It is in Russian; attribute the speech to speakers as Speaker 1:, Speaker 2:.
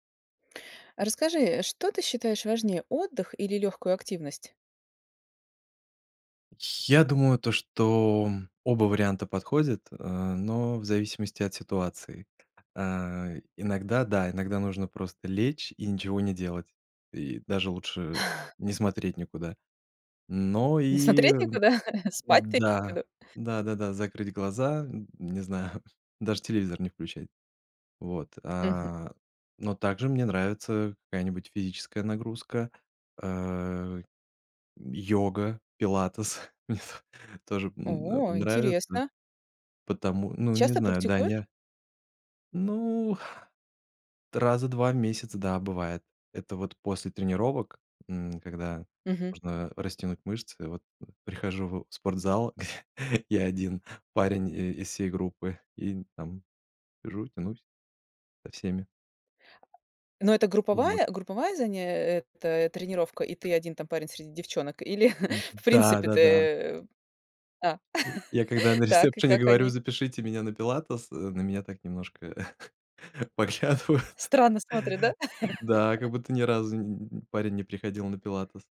Speaker 1: Расскажи, что ты считаешь важнее: отдых или лёгкую активность?
Speaker 2: Я думаю то, что оба варианта подходят, э, но в зависимости от ситуации. А, иногда, да, иногда нужно просто лечь и ничего не делать. И даже лучше не смотреть никуда. Но
Speaker 1: Не
Speaker 2: и
Speaker 1: смотреть никуда? Спать ты имеешь в
Speaker 2: да,
Speaker 1: виду?
Speaker 2: да-да-да, закрыть глаза, не знаю, даже телевизор не включать. Вот,
Speaker 1: Мгм.
Speaker 2: а, но также мне нравится какая-нибудь физическая нагрузка, э, йога, пилатес, мне тоже н н
Speaker 1: О,
Speaker 2: нравится.
Speaker 1: интересно.
Speaker 2: Потому ну, не
Speaker 1: Часто
Speaker 2: знаю,
Speaker 1: практикуешь?
Speaker 2: Даня. Ну, раза 2 в месяц, да, бывает. Это вот после тренировок, м, когда
Speaker 1: Мгм.
Speaker 2: можно растянуть мышцы, вот, прихожу в спортзал, я 1 парень и из всей группы, и там сижу, тянусь со всеми.
Speaker 1: Ну, это
Speaker 2: Вот.
Speaker 1: групповая групповая заян э, это тренировка, и ты 1 там парень среди девчонок или в
Speaker 2: Да,
Speaker 1: принципе
Speaker 2: да, да.
Speaker 1: ты? А,
Speaker 2: Й я, когда на
Speaker 1: так, и
Speaker 2: рецепшене
Speaker 1: как
Speaker 2: говорю:
Speaker 1: они?
Speaker 2: "Запишите меня на пилатес",- э, на меня так немножко поглядывают.
Speaker 1: Странно смотрят, да?
Speaker 2: Да, как будто ни разу н парень не приходил на пилатес.